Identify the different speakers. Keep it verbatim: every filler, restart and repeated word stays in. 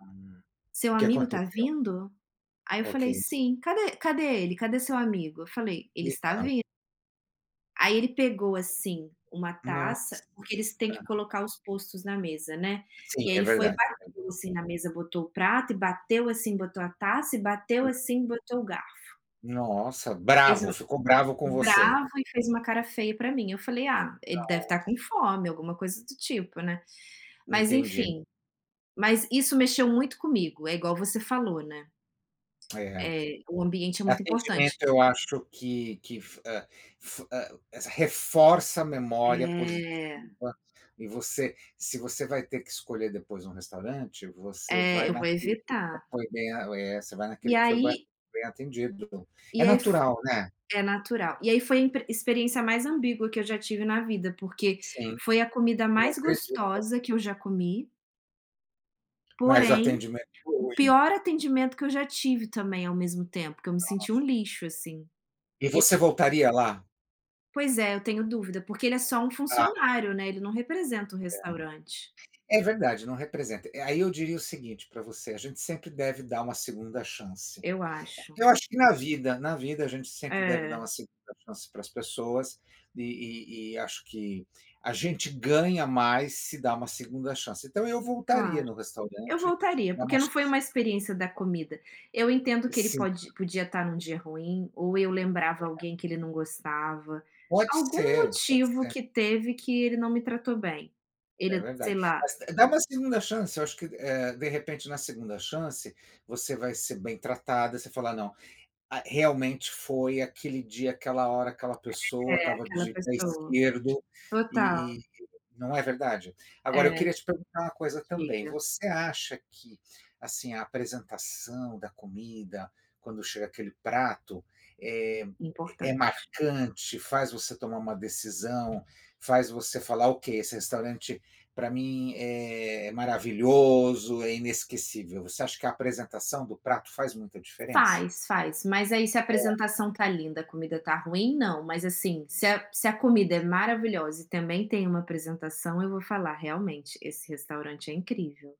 Speaker 1: Ah,
Speaker 2: "Seu
Speaker 1: o que
Speaker 2: amigo está
Speaker 1: aconteceu?
Speaker 2: vindo?", aí eu
Speaker 1: Ok.
Speaker 2: falei: "Sim!", "Cadê cadê ele, cadê seu amigo?", Eu falei: "Ele está
Speaker 1: Legal.
Speaker 2: vin" Aí ele pegou, assim, uma taça
Speaker 1: Nossa.
Speaker 2: porque eles têm que
Speaker 1: Aham.
Speaker 2: colocar os postos na mesa, né,
Speaker 1: Sim,
Speaker 2: e aí
Speaker 1: é
Speaker 2: ele foi e
Speaker 1: verdade. [unintelligible]
Speaker 2: bateu, assim, na mesa, botou o prato e bateu, assim, botou a taça e bateu,
Speaker 1: Uhum.
Speaker 2: assim, botou o garfo.
Speaker 1: Nossa,
Speaker 2: E fez um
Speaker 1: bravo, ficou bravo com você.
Speaker 2: bravo e fez uma cara feia pra mim, eu falei: "Ah, ele deve estar com
Speaker 1: Nossa.
Speaker 2: fome", alguma coisa do tipo, né. Mas,
Speaker 1: Entendi.
Speaker 2: enfim, mas isso mexeu muito comigo, é igual você falou, né.
Speaker 1: É.
Speaker 2: É, o ambiente é muito importante.
Speaker 1: Atendimento eu acho que que fu hã, fu hã, reforça a memória
Speaker 2: É.
Speaker 1: positiva e você se você vai ter que escolher depois um restaurante, você
Speaker 2: É,
Speaker 1: vai
Speaker 2: eu vou
Speaker 1: naquele que
Speaker 2: evitar.
Speaker 1: foi bem a é, você vai
Speaker 2: E
Speaker 1: naquele que foi bo
Speaker 2: aí
Speaker 1: bem atendido. É
Speaker 2: e aí f
Speaker 1: natural, né.
Speaker 2: é natural. E aí foi a impre experiência mais ambígua que eu já tive na vida, porque
Speaker 1: Sim,
Speaker 2: foi a comida
Speaker 1: eu
Speaker 2: mais
Speaker 1: acredito.
Speaker 2: gostosa que eu já comi
Speaker 1: Mas o
Speaker 2: porém,
Speaker 1: atendimento foi
Speaker 2: o
Speaker 1: ruim?
Speaker 2: pior atendimento que eu já tive, também, ao mesmo tempo, que eu me
Speaker 1: Nossa.
Speaker 2: senti um lixo, assim. E
Speaker 1: E você voltaria lá?
Speaker 2: Pois é, eu tenho dúvida, porque ele é só um
Speaker 1: Ah.
Speaker 2: funcionário, né, ele não representa o restaurante.
Speaker 1: É. É verdade, não representa. Aí eu diria o seguinte pra você: A gente sempre deve dar uma segunda chance.
Speaker 2: Eu acho.
Speaker 1: Eu acho que na vida. Na vida a gente sempre deve dar
Speaker 2: É.
Speaker 1: uma segunda chance para as pessoas, e e e, acho que, a gente ganha mais se dá uma segunda chance, então eu voltaria
Speaker 2: Claro.
Speaker 1: no
Speaker 2: Eu
Speaker 1: restaurante,
Speaker 2: voltaria,
Speaker 1: dar
Speaker 2: porque
Speaker 1: uma
Speaker 2: não foi
Speaker 1: chance.
Speaker 2: uma experiência da comida. Eu entendo que ele
Speaker 1: Sim.
Speaker 2: pode podia estar em um dia ruim, ou eu lembrava
Speaker 1: Legal.
Speaker 2: alguém que ele não gostava.
Speaker 1: Pode
Speaker 2: Algum
Speaker 1: ser. Pode
Speaker 2: motivo
Speaker 1: ser.
Speaker 2: que teve, que ele não me tratou bem,
Speaker 1: É
Speaker 2: ele sei
Speaker 1: verdade.
Speaker 2: lá.
Speaker 1: Mas d dá uma segunda chance, acho que, eh, de repente, na segunda chance, você vai ser bem tratada, você fala: "Não, a realmente foi aquele dia, aquela hora, aquela pessoa
Speaker 2: É,
Speaker 1: estava
Speaker 2: aquela
Speaker 1: de pé
Speaker 2: pessoa,
Speaker 1: esquerdo",
Speaker 2: total.
Speaker 1: e e não é verdade? Agora eu
Speaker 2: É.
Speaker 1: queria te perguntar uma coisa também:
Speaker 2: Diga.
Speaker 1: Você acha que, assim, a apresentação da comida, quando chega aquele prato, é é
Speaker 2: Importante.
Speaker 1: marcante, faz você tomar uma decisão, faz você falar: "Ok, esse restaurante para mim é maravilhoso, é inesquecível". Você acha que a apresentação do prato faz muita diferença?
Speaker 2: Faz, faz. Mas aí se a
Speaker 1: É.
Speaker 2: apresentação está linda, comida está ruim, não. Mas, assim, se a se a comida é maravilhosa e também tem uma apresentação, eu vou falar: "Realmente, esse restaurante é incrível".